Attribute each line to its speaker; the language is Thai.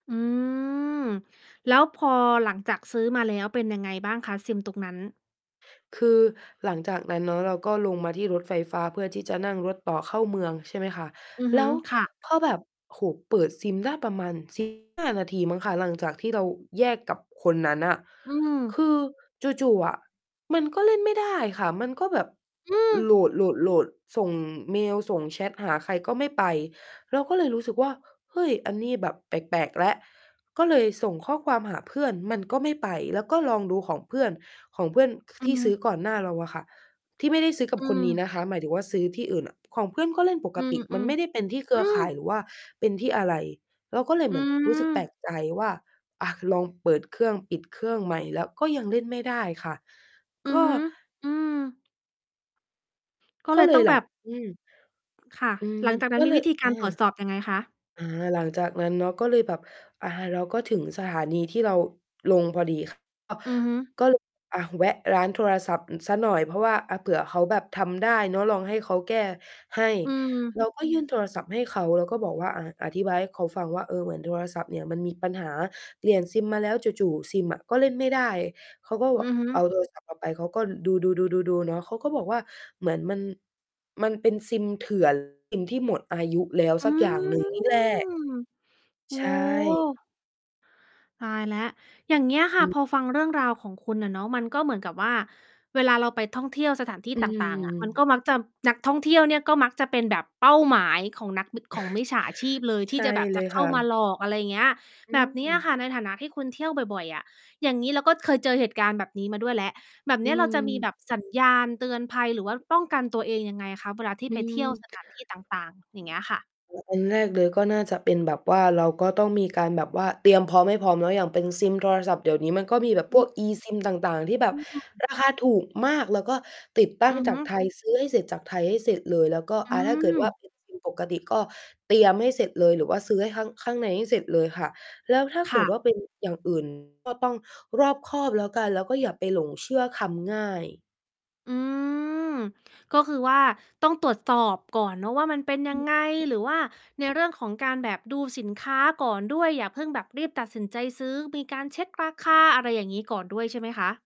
Speaker 1: อืม แล้วพอหลังจากซื้อมาแล้ว เป็นยังไงบ้างคะ SIM ตรงนั้น?
Speaker 2: คือหลัง จาก นั้นเนาะเราก็ลงมาที่รถไฟฟ้า เพื่อที่จะนั่งรถต่อเข้าเมืองใช่ไหมคะ
Speaker 1: อือ
Speaker 2: แ
Speaker 1: ฮ
Speaker 2: ล
Speaker 1: ึ
Speaker 2: ้ว
Speaker 1: ค่ะ
Speaker 2: พอแบบ โอ้โฮ เปิด SIM ได้ประมาณ 15 นาทีมั้งคะ หลังจากที่เราแยกกับคนนั้นน่ะ
Speaker 1: อื
Speaker 2: ค
Speaker 1: ม
Speaker 2: ือจู่ ๆ อะมันก็เล่นไม่ได้ค่ะ มันก็แบบ
Speaker 1: อื
Speaker 2: โห
Speaker 1: ม
Speaker 2: ลด ๆ ๆ ส่งเมล ส่งแชตหาใครก็ไม่ไป เราก็เลยรู้สึกว่า เฮ้ย อันนี้แบบแปลก ๆ แล้ว ก็เลยส่งข้อความหาเพื่อนมันก็ไม่ไป แล้วก็ลองดูของเพื่อน ของเพื่อน
Speaker 1: อื
Speaker 2: ที
Speaker 1: อ
Speaker 2: ่
Speaker 1: ฮ
Speaker 2: ซื
Speaker 1: ึ
Speaker 2: ้อก่อนหน้าเราอะค่ะ ที่ไม่ได้ซื้อกับ
Speaker 1: อ
Speaker 2: คนนี้
Speaker 1: ืม
Speaker 2: นะคะ หมายถึงว่า ซื้อที่อื่นอะ ของเพื่อนก็เล่นป
Speaker 1: อ
Speaker 2: ก
Speaker 1: ื
Speaker 2: ต
Speaker 1: ม
Speaker 2: ิ มันไม่ได้เ
Speaker 1: ๆ
Speaker 2: ป็นที่เคร
Speaker 1: อ
Speaker 2: ื
Speaker 1: ื
Speaker 2: อข
Speaker 1: ม
Speaker 2: ่าย หรือว่าเป็นที่อะไร เราก็เลย
Speaker 1: อ
Speaker 2: เ
Speaker 1: ื
Speaker 2: หมือนรู้สึกแปลก
Speaker 1: ม
Speaker 2: ใจว่า อา ค ลองเปิดเครื่อง ปิดเครื่องใหม่แล้วก็ยังเล่นไม่ได้ค่ะ
Speaker 1: อื
Speaker 2: ก
Speaker 1: อ
Speaker 2: ็
Speaker 1: ฮึ อือ ก็
Speaker 2: ก
Speaker 1: เ
Speaker 2: ็
Speaker 1: ลย
Speaker 2: เล
Speaker 1: ต้
Speaker 2: ย
Speaker 1: อง
Speaker 2: หล
Speaker 1: แบ
Speaker 2: ัง
Speaker 1: บ
Speaker 2: อืม
Speaker 1: ค่ะ
Speaker 2: อืม
Speaker 1: หลังจากนั้
Speaker 2: ก็
Speaker 1: น มี
Speaker 2: เลย
Speaker 1: วิธีก
Speaker 2: อ
Speaker 1: า
Speaker 2: า
Speaker 1: รตรวจสอบยังไงคะ?
Speaker 2: อา หลังจากนั้นเนาะ ก็เลยแบบ อา เราก็ถึงสถานีที่เราลงพอดี ค่ะ
Speaker 1: อือฮึ
Speaker 2: ก็ เลย อะ แวะร้านโทรศัพท์ สักหน่อย เพราะว่าเผื่อเขาแบบทำได้เนาะ ลองให้เขาแก้ให้
Speaker 1: อืม
Speaker 2: เรา ก็ยื่นโทรศัพท์ให้เขา แล้วก็บอกว่า อ่า อธิบายให้เขาฟังว่า เออ เหมือนโทรศัพท์เนี่ยมันมีปัญหา เปลี่ยน SIM มาแล้ว จู่ ๆ SIM อะก็เล่นไม่ได้ เขาก็แ
Speaker 1: อื
Speaker 2: บบ
Speaker 1: อฮึ
Speaker 2: เอา โทรศัพท์เราไป เขาก็ดู ๆ ๆ ๆ ๆ เนาะ เขาก็บอกว่า เหมือนมัน มันเป็น SIM เถื่อน SIM ที่หมดอายุแล้ว
Speaker 1: อ
Speaker 2: ส
Speaker 1: ื
Speaker 2: ักอย่าง หนึ่ง นี่แหละ
Speaker 1: ม โอ้
Speaker 2: ใช
Speaker 1: โ
Speaker 2: ่
Speaker 1: ฮ ตายแล้ว อย่างเงี้ยค
Speaker 2: อ
Speaker 1: ่ะ
Speaker 2: ืม
Speaker 1: พอฟังเรื่องราวของคุณน่ะเนาะ มันก็เหมือนกับว่า เวลาเราไปท่องเที่ยวสถานที่
Speaker 2: อื
Speaker 1: ต่าง ๆ อะ มันก็
Speaker 2: ม
Speaker 1: มักจะ นักท่องเที่ยวเนี่ยก็มักจะเป็นแบบเป้าหมายของนัก ม ของมิจฉาชีพเลย ท
Speaker 2: ใช
Speaker 1: ี่จ
Speaker 2: ่
Speaker 1: ะแบบ
Speaker 2: เ
Speaker 1: จ
Speaker 2: ล
Speaker 1: ะ
Speaker 2: ย
Speaker 1: เข
Speaker 2: ค
Speaker 1: ้า
Speaker 2: ่
Speaker 1: มา
Speaker 2: ะ
Speaker 1: หลอก อะไรเงี้ย
Speaker 2: อื
Speaker 1: แบบเนี้ยค
Speaker 2: ม
Speaker 1: ่ะ ในฐานะที่คุณเที่ยวบ่อย ๆ อะ อย่างงี้ แล้วก็เคยเจอเหตุการณ์แบบนี้มาด้วยแล้ว แบบเ
Speaker 2: อ
Speaker 1: นี
Speaker 2: ื
Speaker 1: ้ย เราจะมี
Speaker 2: ม
Speaker 1: แบบสัญญาณเตือนภัยหรือว่าป้องกันตัวเองยังไงอะคะ? เวลาที่
Speaker 2: อื
Speaker 1: ไปเที่ยว
Speaker 2: ม
Speaker 1: สถานที่ต่าง ๆ อย่างเงี้ยค่ะ
Speaker 2: โอ้ อันแรกเลยก็น่าจะเป็นแบบว่าเราก็ต้องมีการแบบว่าเตรียมพร้อมให้พร้อมเนาะ อย่างเป็น SIM โทรศัพท์ เดี๋ยวนี้มันก็มีแบบ
Speaker 1: อ
Speaker 2: พ
Speaker 1: ื
Speaker 2: วก
Speaker 1: ม
Speaker 2: eSIM ต่าง ๆ ที่แบบ
Speaker 1: [unintelligible]
Speaker 2: ราคา ถูกมาก แล้วก็ติดตั้
Speaker 1: อื
Speaker 2: ง
Speaker 1: อ
Speaker 2: จา
Speaker 1: ฮึ
Speaker 2: กไทย ซื้อให้เสร็จจากไทยให้เสร็จเลย แล้วก็
Speaker 1: อื
Speaker 2: อา ถ้าเกิดว่า
Speaker 1: ม
Speaker 2: เป็น SIM ปกติ ก็เตรียมให้เสร็จเลย หรือว่าซื้อให้ ข้าง ข้างในให้เสร็จเลยค่ะ แล้วถ้า
Speaker 1: ค
Speaker 2: เก
Speaker 1: ่
Speaker 2: ิด
Speaker 1: ะ
Speaker 2: ว่า เป็น อย่าง อื่น ก็ต้องรอบคอบแล้วกัน แล้วก็อย่าไปหลงเชื่อคำง่าย
Speaker 1: อืม ก็คือว่า ต้องตรวจสอบก่อนเนาะว่า มันเป็น
Speaker 2: อ
Speaker 1: ยัง
Speaker 2: ืม
Speaker 1: ไง หรือว่าในเรื่องของการแบบดูสินค้าก่อนด้วย อย่าเพิ่งแบบรีบตัดสินใจซื้อ มีการเช็กราคา อะไรอย่างงี้ ก่อนด้วย ใช่ไหมค่ะ?